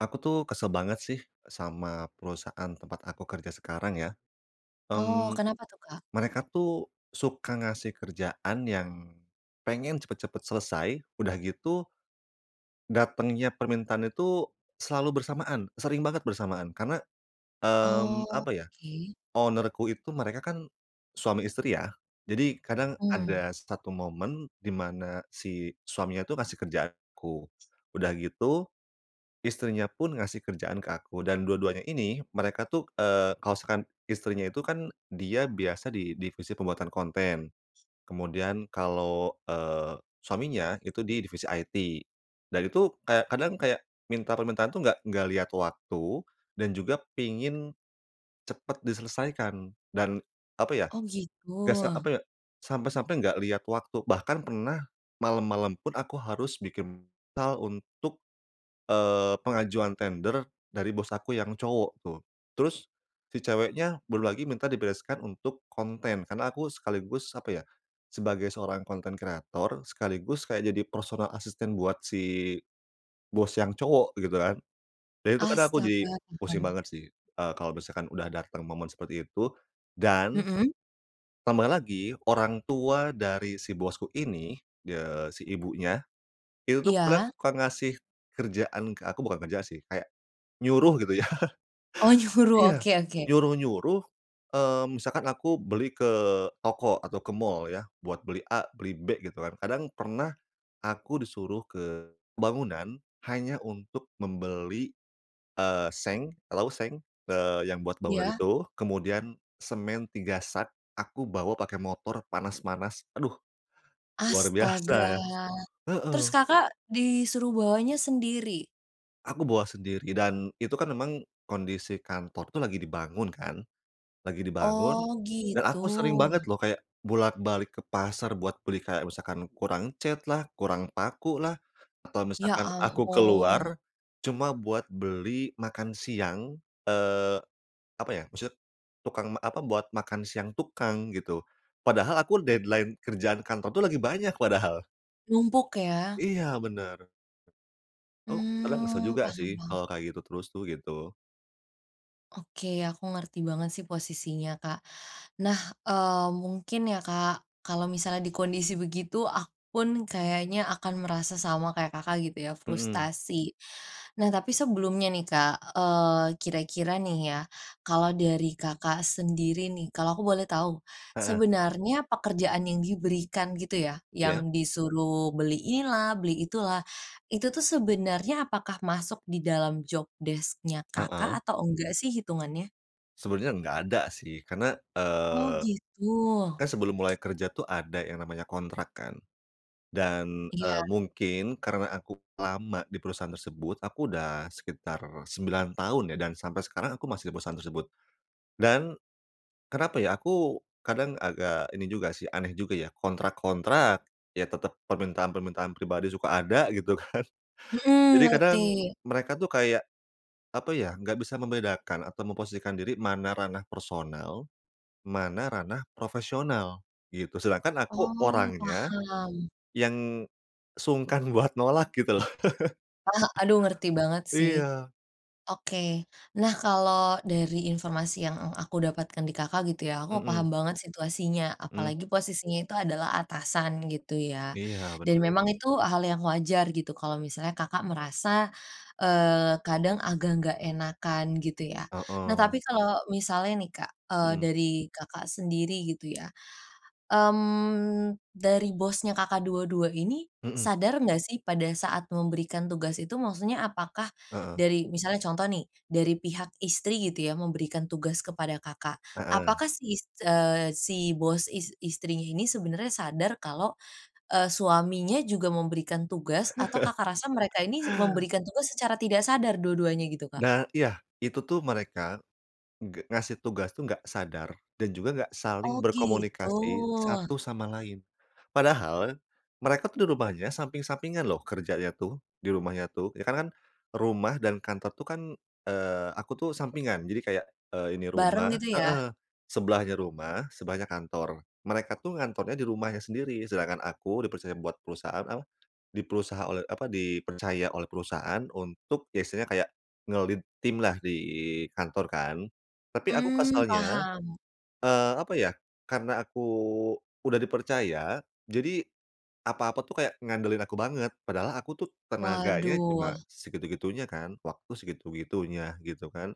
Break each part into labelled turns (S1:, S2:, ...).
S1: Aku tuh kesel banget sih, sama perusahaan tempat aku kerja sekarang ya.
S2: Oh
S1: Mmm,
S2: kenapa tuh Kak?
S1: mereka tuh suka ngasih kerjaan yang, pengen cepet-cepet selesai udah gitu datengnya permintaan itu, selalu bersamaan, sering banget bersamaan. Karena, mmm,
S2: Oh
S1: apa ya
S2: oke.
S1: owner-ku itu mereka kan suami istri ya. Jadi kadang
S2: Mmm.
S1: ada 1 momen di mana si suaminya itu ngasih kerjaan ke aku. Udah gitu, istrinya pun ngasih kerjaan ke aku. Dan dua-duanya ini mereka tuh, eee, kalau misalkan istrinya itu kan dia biasa di divisi pembuatan konten. Kemudian kalau, eee, suaminya itu di divisi IT. Dan itu kayak kadang kayak minta permintaan itu enggak enggak lihat waktu, dan juga pengen, cepet diselesaikan dan apa ya,
S2: Oh gitu.
S1: gak s apa ya sampai-sampai enggak liat waktu. Bahkan pernah malem-malem pun aku harus bikin proposal untuk eee, pengajuan tender dari bos aku yang cowok tuh. Terus, si ceweknya belum lagi minta dibereskan untuk konten, karena aku sekaligus apa ya, sebagai seorang konten kreator sekaligus kayak jadi personal asisten buat si bos yang cowok gitu kan. Dan itu kadang aku jadi
S2: Astaga
S1: pusing
S2: paham.
S1: banget sih. eee, kalau misalkan udah datang momen seperti itu, dan
S2: Mhm.
S1: ...tambah lagi orang tua dari si bosku ini, eee, si ibunya, itu tuh kadang
S2: Iya.
S1: suka ngasih, kerjaan ke aku bukan kerjaan sih kayak, nyuruh gitu ya.
S2: Oh nyuruh
S1: Iya,
S2: oke oke.
S1: nyuruh-nyuruh eee, misalkan aku beli ke toko atau ke mall ya, buat beli A beli B gitu kan. Kadang pernah, aku disuruh ke bangunan hanya untuk membeli, eee, seng, alau seng? Eee, yang buat bangunan
S2: Iya.
S1: itu kemudian semen 3 sak, aku bawa pakai motor panas-panas aduh, luar biasa
S2: Astaga.
S1: ya.
S2: Terus
S1: Heeh.
S2: Kakak disuruh bawanya sendiri?
S1: Aku bawa sendiri. Dan, itu kan memang kondisi kantor tuh lagi dibangun kan, lagi dibangun.
S2: Oh,
S1: Dan
S2: gitu.
S1: aku sering banget loh, kayak bolak-balik ke pasar buat beli kayak misalkan kurang catlah, kurang pakulah, atau
S2: Ya
S1: misalkan aku
S2: ampun.
S1: keluar cuma buat beli makan siang, eee, apa ya, maksudnya tukang apa buat makan siang tukang, gitu. Padahal aku deadline kerjaan kantor tuh lagi banyak, padahal.
S2: Numpuk, ya?
S1: Iya, benar. Oh, kadang kesel
S2: Mmm,
S1: juga sih,
S2: paham paham.
S1: kalau kayak gitu terus tuh, gitu.
S2: Oke, aku ngerti banget sih posisinya Kak. Nah, eee, mungkin ya Kak, kalau misalnya di kondisi begitu, aku pun kayaknya akan merasa sama kayak Kakak gitu ya,
S1: Mhm.
S2: frustasi. Nah, tapi sebelumnya nih Kak, eee, kira-kira nih ya, kalau dari Kakak sendiri nih, kalau aku boleh tahu,
S1: Heeh.
S2: sebenarnya pekerjaan yang diberikan gitu ya,
S1: Iya.
S2: yang disuruh beli inilah, beli itulah. Itu tuh, sebenarnya apakah masuk di dalam job desc-nya Kakak
S1: Heeh?
S2: atau enggak sih, hitungannya?
S1: Sebenernya enggak ada sih, karena,
S2: Oh
S1: eee,
S2: gitu.
S1: kan sebelum mulai kerja tuh ada yang namanya kontrak kan? Dan,
S2: Iya.
S1: eee, mungkin karena aku lama di perusahaan tersebut, aku udah sekitar 9 tahun ya, dan sampai sekarang aku masih di perusahaan tersebut. Dan kenapa ya aku kadang agak ini juga sih, aneh juga ya, kontrak-kontrak ya tetep permintaan-permintaan pribadi suka ada gitu kan.
S2: Heeh,
S1: Jadi kadang
S2: ngerti.
S1: mereka tuh kayak, apa ya? Enggak bisa membedakan atau memposisikan diri mana ranah personal, mana ranah profesional gitu. Sedangkan aku
S2: Oh,
S1: orangnya
S2: paham.
S1: yang sungkan buat nolak gitu loh.
S2: Ah, aduh ngerti banget sih.
S1: Iya.
S2: Oke, nah kalau dari informasi yang ang aku dapatkan di Kakak gitu ya, aku
S1: Heeh.
S2: paham banget situasinya.
S1: Mmm.
S2: Apalagi posisinya itu adalah atasan gitu ya.
S1: Iya
S2: Dan
S1: bener.
S2: memang itu hal yang wajar gitu. Kalau misalnya Kakak merasa eee, kadang agak nggak enakan gitu ya. Nah
S1: Heeh.
S2: tapi kalau misalnya nih Kak, eee,
S1: Heeh.
S2: dari Kakak sendiri gitu ya. Mmm, dari bosnya Kakak, dua-dua ini
S1: Heeh.
S2: sadar nggak sih pada saat memberikan tugas itu? Maksudnya apakah
S1: Heeh.
S2: dari misalnya contoh nih, dari pihak istri gitu ya, memberikan tugas kepada Kakak,
S1: Heeh.
S2: apakah si is eee, si bos is istrinya ini sebenernya sadar kalau, eee, suaminya juga memberikan tugas, atau Kakak rasa mereka ini memberikan tugas secara tidak sadar dua-duanya gitu, Kak.
S1: Da iya, itu tuh mereka nggak ngasih tugas tuh enggak sadar dan juga enggak
S2: Oh
S1: saling
S2: gitu.
S1: berkomunikasi satu sama lain. Padahal mereka tuh di rumahnya samping-sampingan loh kerjanya tuh, di rumahnya tuh. Ya karena kan rumah dan kantor tuh kan, eee, aku tuh sampingan. Jadi kayak, eee, ini
S2: Bareng
S1: rumah
S2: gitu ya.
S1: heeh, ...sebelahnya rumah, sebelahnya kantor. Mereka tuh ngantornya di rumahnya sendiri. Sedangkan aku dipercaya buat perusahaan apa? Di perusaha oleh apa? Dipercaya oleh perusahaan untuk ya istilahnya kayak nge-lead tim lah di kantor kan. Tapi aku
S2: Mmm,
S1: kesalnya,
S2: paham.
S1: eee, apa ya, karena aku udah dipercaya, jadi apa-apa tuh kayak ngandelin aku banget. Padahal aku tuh tenaganya
S2: Waduh.
S1: cuma segitu-gitunya kan, waktu segitu-gitunya gitu kan.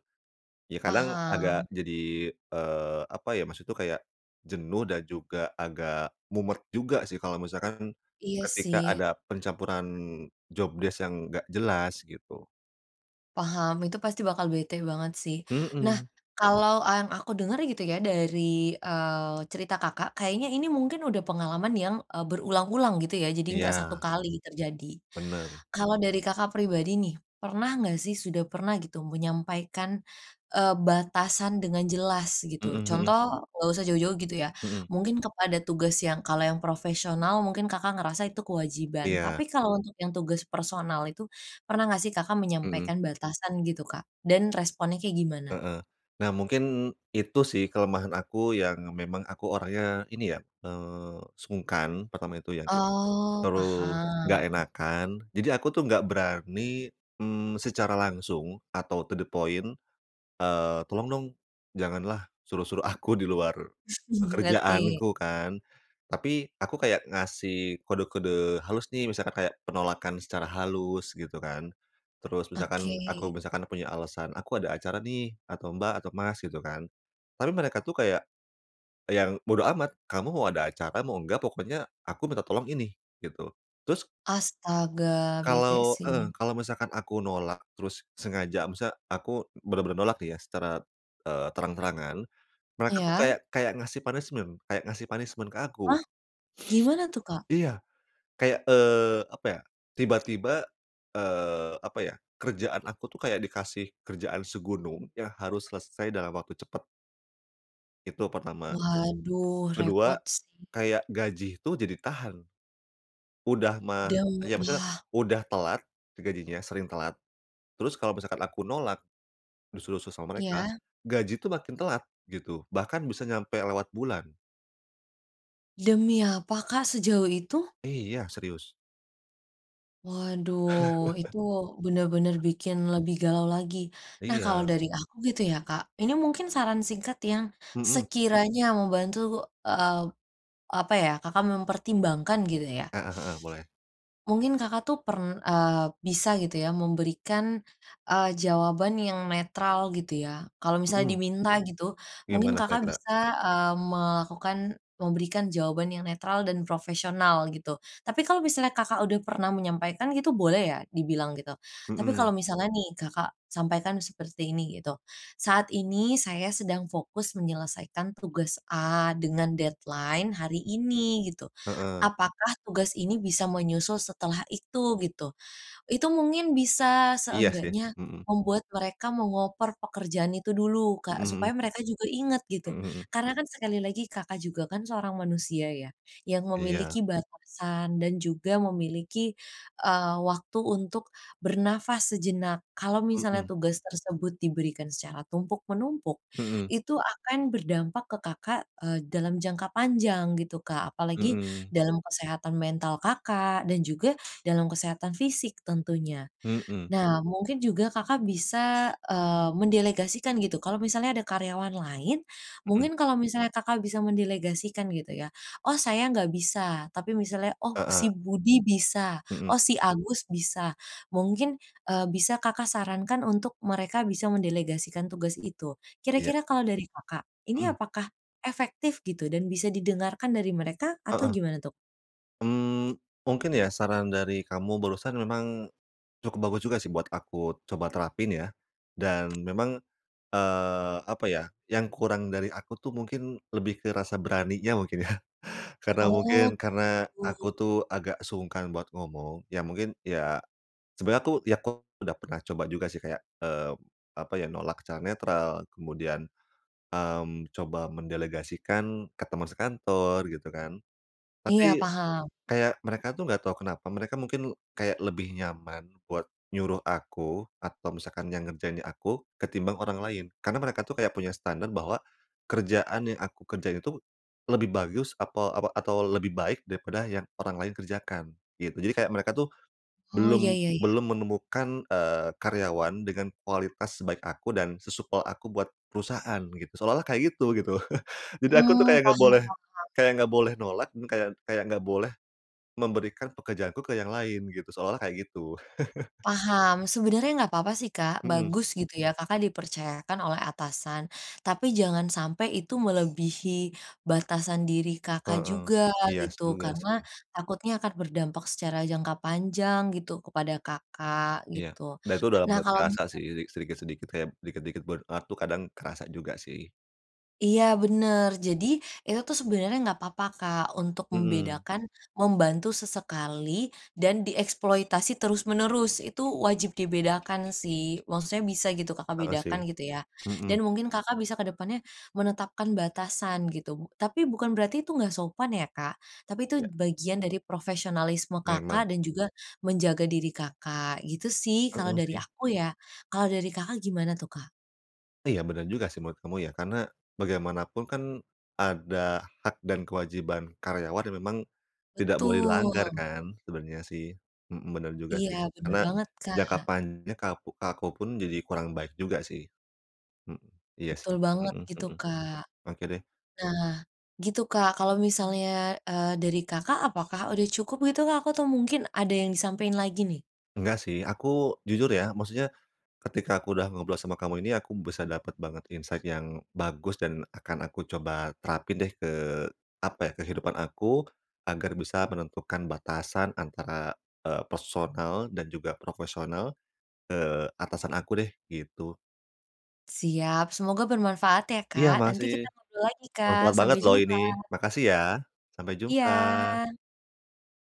S1: Ya kadang agak
S2: Paham.
S1: jadi, eee, apa ya? Maksudnya tuh kayak jenuh dan juga agak mumet juga sih, kalau misalkan
S2: Iya
S1: ketika
S2: sih.
S1: ada pencampuran job desk yang enggak jelas gitu.
S2: Paham itu pasti bakal bete banget sih nah
S1: Mhm.
S2: kalau yang aku denger gitu ya dari, eee, cerita Kakak, kayaknya ini mungkin udah pengalaman yang, eee, berulang-ulang gitu ya jadi nggak 1
S1: Iya.
S2: kali terjadi,
S1: Bener.
S2: kalau dari Kakak, pribadi nih pernah nggak sih sudah pernah gitu menyampaikan, eee, batasan dengan jelas gitu
S1: Mhm mhm.
S2: contoh nggak usah jauh-jauh gitu ya
S1: Mhm.
S2: mungkin kepada tugas yang kalau yang profesional mungkin Kakak, ngerasa itu kewajiban
S1: Iya.
S2: tapi kalau untuk yang tugas personal itu, pernah nggak sih Kakak,
S1: Mhm.
S2: menyampaikan batasan gitu Kak, dan responnya kayak gimana?
S1: Heeh, nah mungkin itu sih kelemahan aku yang memang aku orangnya ini ya, eee, sungkan pertama itu ya,
S2: Oh
S1: terus enggak
S2: paham.
S1: enakan jadi aku tuh enggak berani, mmm, secara langsung atau to the point, eee, tolong dong, janganlah suruh-suruh aku di luar,
S2: Ngerti.
S1: pekerjaanku kan, tapi aku kayak ngasih kode-kode halus nih misalkan kayak penolakan secara halus gitu kan, terus misalkan aku
S2: Oke.
S1: misalkan punya alasan aku ada acara nih atau mbak atau mas gitu kan, tapi mereka tuh kayak, yang bodo amat kamu mau ada acara mau enggak pokoknya aku minta tolong ini gitu terus
S2: Astaga bete
S1: Kalau,
S2: sih.
S1: heeh, kalau misalkan aku nolak terus sengaja misalnya aku benar-benar nolak nih ya secara, eee, terang-terangan mereka tuh kayak
S2: Iya.
S1: kayak ngasih punishment kayak ngasih punishment ke aku.
S2: Hah? Gimana tuh Kak?
S1: Iya, kayak, eee, apa ya tiba-tiba, eee, apa ya kerjaan aku tuh kayak dikasih kerjaan segunung yang harus selesai dalam waktu cepet. Itu pertama.
S2: Waduh
S1: Kedua
S2: repot sih.
S1: kayak gaji tuh jadi tahan. Udah mah
S2: Daw
S1: iya, maksudnya
S2: wah.
S1: udah telat, e gajinya sering telat. Terus kalau misalkan aku nolak, disuruh-suruh sama mereka,
S2: Iya.
S1: gaji itu makin telat gitu. Bahkan bisa nyampe lewat bulan.
S2: Demi apa, Kak, sejauh itu?
S1: Iya, serius.
S2: Waduh, itu bener-bener bikin lebih galau lagi. Nah, kalau
S1: Iya.
S2: dari aku gitu ya, Kak, ini mungkin saran singkat yang
S1: Mhm.
S2: sekiranya membantu, eee, apa ya, Kakak mempertimbangkan gitu ya.
S1: Heeh heeh, boleh.
S2: Mungkin Kakak tuh, pern eee, bisa gitu ya memberikan, eee, jawaban yang netral gitu ya. Kalau misalnya
S1: Mhm.
S2: diminta gitu, mungkin
S1: Gimana
S2: Kakak
S1: kira-kira?
S2: bisa, eee, melakukan memberikan jawaban yang netral dan profesional gitu. Tapi kalau misalnya Kakak udah pernah menyampaikan gitu boleh ya dibilang gitu. Tapi
S1: Mhm.
S2: kalau misalnya nih, Kakak sampaikan seperti ini gitu. "Saat ini saya sedang fokus menyelesaikan tugas A dengan deadline hari ini gitu.
S1: Heeh.
S2: Apakah tugas ini bisa menyusul setelah itu?" Gitu. Itu mungkin bisa
S1: Iya sih,
S2: seenggaknya
S1: mhm.
S2: membuat mereka meng-over pekerjaan itu dulu,
S1: Mhm
S2: Kak,
S1: mhm.
S2: supaya mereka juga inget gitu.
S1: Mhm mhm.
S2: Karena kan sekali lagi, Kakak juga kan seorang manusia ya, yang
S1: Iya.
S2: memiliki batasan dan juga memiliki, eee, waktu untuk bernafas sejenak. Kalau misalnya
S1: Mhm.
S2: tugas tersebut diberikan secara tumpuk-menumpuk,
S1: Mhm.
S2: itu akan berdampak ke Kakak, eee, dalam jangka panjang gitu, Kak. Apalagi
S1: Mhm.
S2: dalam kesehatan mental Kakak dan juga dalam kesehatan fisik tentunya.
S1: Mhm.
S2: Nah, mungkin juga Kakak bisa, eee, mendelegasikan gitu. Kalau misalnya ada karyawan lain,
S1: Mhm.
S2: mungkin kalau misalnya, Kakak bisa mendelegasikan gitu ya. "Oh saya nggak bisa." Tapi misalnya, "Oh,
S1: Heeh.
S2: si Budi bisa,
S1: Mhm.
S2: oh si Agus bisa," mungkin, eee, bisa Kakak sarankan untuk mereka bisa mendelegasikan tugas itu.
S1: Iya.
S2: Kira-kira kalau dari Kakak, ini
S1: Mhm.
S2: apakah efektif gitu dan bisa didengarkan dari mereka atau
S1: Heeh.
S2: gimana tuh?
S1: Mmm, mungkin ya saran dari kamu barusan memang cukup bagus juga sih, buat aku coba terapin ya. Dan memang, eee, apa ya? Yang kurang dari aku tuh mungkin lebih ke rasa beraninya mungkin ya karena
S2: Oh,
S1: mungkin karena aku
S2: begitu.
S1: tuh agak sungkan buat ngomong, iya mungkin iya, sebenernya aku ya kok udah pernah coba juga sih kayak, eee, apa ya? Nolak secara netral. Kemudian, mmm, coba mendelegasikan ke temen sekantor gitu kan.
S2: Iya,
S1: Tapi
S2: paham.
S1: kayak mereka tuh, enggak tahu kenapa, mereka mungkin kayak lebih nyaman buat nyuruh aku atau misalkan yang ngerjainnya aku, ketimbang orang lain. Karena mereka tuh kayak punya standard bahwa kerjaan yang aku kerjain itu lebih bagus atau apa atau lebih baik daripada yang orang lain kerjakan gitu. Jadi kayak mereka tuh,
S2: Oh, ya
S1: belum
S2: ya ya.
S1: belum menemukan, eee, karyawan dengan kualitas sebaik aku dan sesupel aku buat perusahaan begitu, seolah-olah kayak gitu gitu. Jadi aku tuh
S2: Mmm,
S1: kayak enggak
S2: paham
S1: boleh
S2: paham.
S1: kayak enggak boleh nolak dan kayak kayak nggak boleh, memberikan pekerjaanku ke yang lain gitu, seolah-olah kayak gitu.
S2: Paham. Sebenernya nggak apa-apa sih, Kak,
S1: Mhm.
S2: bagus gitu ya, Kakak dipercayakan oleh atasan. Tapi jangan sampai itu melebihi batasan diri Kakak,
S1: Heeh.
S2: juga
S1: Iya, s
S2: gitu.
S1: juga
S2: Karena
S1: sih.
S2: takutnya akan berdampak secara jangka panjang gitu kepada Kakak
S1: Iya,
S2: gitu.
S1: dan itu udah
S2: Nah,
S1: lambat
S2: kalau
S1: kerasa
S2: misal
S1: sih, sedi sedikit-sedikit kayak dikit-dikit burn out tuh kadang kerasa juga sih.
S2: Iya bener. Jadi itu tuh sebenernya nggak apa-apa, Kak, untuk
S1: Mhm.
S2: membedakan, membantu sesekali dan dieksploitasi terus-menerus. Itu wajib dibedakan sih. Maksudnya bisa gitu, Kakak
S1: Heeh, sih.
S2: bedakan gitu ya, dan
S1: Mhm.
S2: mungkin Kakak bisa ke depannya menetapkan batasan gitu. Tapi bukan berarti itu nggak sopan ya, Kak. Tapi itu
S1: Ya.
S2: bagian dari profesionalisme
S1: Memang.
S2: Kakak, dan juga menjaga diri Kakak, gitu sih. Kalau
S1: Heeh,
S2: dari
S1: sih.
S2: aku ya, kalau dari Kakak gimana tuh, Kak?
S1: Iya, bener juga sih menurut kamu ya, karena bagaimanapun kan, ada hak dan kewajiban karyawan yang memang tidak boleh dilanggar
S2: Betul.
S1: kan sebenarnya sih. Mhm, bener juga sih.
S2: Iya bener
S1: Karena
S2: banget,
S1: jangka
S2: Kak.
S1: panjangnya ke aku ke aku pun jadi kurang baik juga sih. Mhm iya sih.
S2: Betul banget
S1: Mhm
S2: gitu,
S1: mhm.
S2: Kak.
S1: Oke deh.
S2: Nah, gitu Kak, kalau misalnya, eee, dari Kakak apakah udah cukup gitu, Kak, atau mungkin ada yang disampain lagi nih?
S1: Enggak sih aku jujur ya, maksudnya ketika aku udah ngobrol sama kamu ini, aku bisa dapet banget insight yang bagus dan akan aku coba terapin deh ke apa ya, kehidupan aku. Agar bisa menentukan batasan antara, eee, personal dan juga profesional ke atasan aku deh gitu.
S2: Siap, semoga bermanfaat ya,
S1: Iya,
S2: Kak. Nanti
S1: makasih.
S2: kita ngobrol lagi, Kak,
S1: Bermanfaat banget
S2: Sampai
S1: loh ini.
S2: jumpa.
S1: Makasih ya. Sampai jumpa.
S2: Iya.